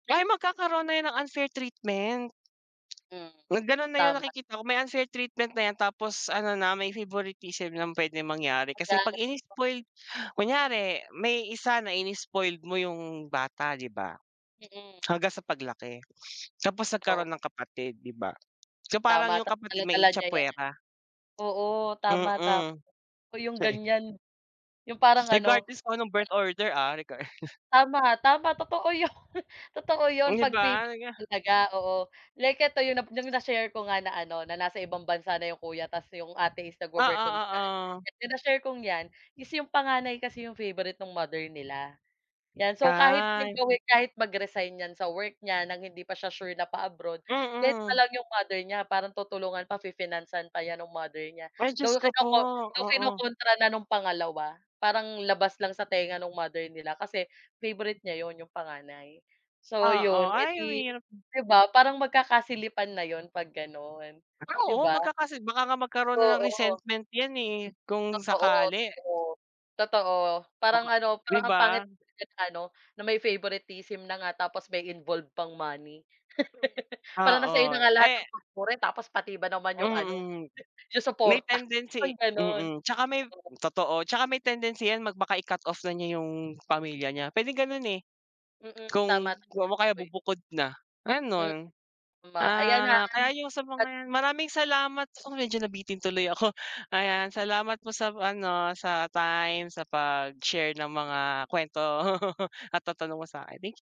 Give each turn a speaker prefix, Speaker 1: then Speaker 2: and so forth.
Speaker 1: Ay magkakaroon na yan ng unfair treatment.
Speaker 2: Hmm,
Speaker 1: Ganun na yung
Speaker 2: tama.
Speaker 1: nakikita ko, may unfair treatment na yan tapos ano na, may favoritism ng pwedeng mangyari kasi 'pag
Speaker 2: [unintelligible]
Speaker 1: ini-spoiled kunyari may isa na ini-spoiled mo yung bata di ba,
Speaker 2: Hmm.
Speaker 1: hanggang sa paglaki, tapos nagkaroon
Speaker 2: Oo.
Speaker 1: ng kapatid, di ba? So parang
Speaker 2: Tama,
Speaker 1: yung
Speaker 2: tapos
Speaker 1: kapatid
Speaker 2: dala-dala niya yan.
Speaker 1: ma-itchapwera.
Speaker 2: Oo, tama, tama.
Speaker 1: Mm.
Speaker 2: Gusto ko yung
Speaker 1: Sa eh
Speaker 2: ganyan. Yung parang ano
Speaker 1: Regardless kung anong
Speaker 2: ah.
Speaker 1: birth order ah? Regard
Speaker 2: Tama, tama, totoo yun. Totoo yun,
Speaker 1: Di
Speaker 2: 'pag favourite
Speaker 1: ba?
Speaker 2: mo
Speaker 1: [unintelligible]
Speaker 2: talaga, oo. Like ito yung nap yung na-share ko nga na ano, na nasa ibang bansa na yung kuya ta's yung ate is
Speaker 1: Oo,
Speaker 2: nagwo-work on diyan.
Speaker 1: oo.
Speaker 2: Sa na-share kong yan is yung panganay kasi yung favourite no'ng mother nila. 'Yan. So kahit anong
Speaker 1: Ay, hmm.
Speaker 2: gawin, kahit mag-resign 'yan sa work niya ng hindi pa siya sure na pa-abroad, kahit
Speaker 1: Mm.
Speaker 2: alam no'ng mother niya, parang tutulungan pa, fi-finance-san pa yan no'ng mother niya.
Speaker 1: Ay Diyos
Speaker 2: Though
Speaker 1: ko po!
Speaker 2: kinoko though
Speaker 1: Oo.
Speaker 2: kinokontra na no'ng pangalawa, parang labas lang sa tenga no'ng mother nila kasi favorite niya 'yon, 'yong panganay. So
Speaker 1: Oo.
Speaker 2: 'yon,
Speaker 1: Ay,
Speaker 2: edi
Speaker 1: mahirap
Speaker 2: di ba? Parang magkakasilipan na 'yon 'pag gano'n. 'Di
Speaker 1: Oo,
Speaker 2: ba?
Speaker 1: magkakasi baka nga magkaroon na ng
Speaker 2: Oo.
Speaker 1: resentment yan, eh, kung
Speaker 2: Totoo,
Speaker 1: sakali.
Speaker 2: totoo. Totoo.
Speaker 1: Oo nga.
Speaker 2: Parang ano,
Speaker 1: Di
Speaker 2: parang ang
Speaker 1: ba?
Speaker 2: pangit naman na ano, na may favoritism na nga tapos may involve pang money. Parang na sayo
Speaker 1: Oo,
Speaker 2: na nga lahat
Speaker 1: eh
Speaker 2: ng [unintelligible] tapos pati ba naman yung ano,
Speaker 1: Mm.
Speaker 2: yung
Speaker 1: May
Speaker 2: suporta,
Speaker 1: tendency
Speaker 2: parang ganon.
Speaker 1: mm, tsaka may
Speaker 2: Oo.
Speaker 1: totoo tsaka may tendency yan mag baka i-cut off na niya yung pamilya niya. Pwedeng ganun, eh.
Speaker 2: Mm, tama
Speaker 1: Kung
Speaker 2: naman.
Speaker 1: o kaya
Speaker 2: Uy.
Speaker 1: bubukod na,
Speaker 2: Hmm,
Speaker 1: ganon.
Speaker 2: tama. Ayan
Speaker 1: Ah,
Speaker 2: han
Speaker 1: kaya yung sa
Speaker 2: at
Speaker 1: mga maraming salamat sa'yo. Medyo nabitin tuloy ako, ayan. Salamat po sa ano, sa time sa pag-share ng mga kwento at lahat ng tanong mo sakin.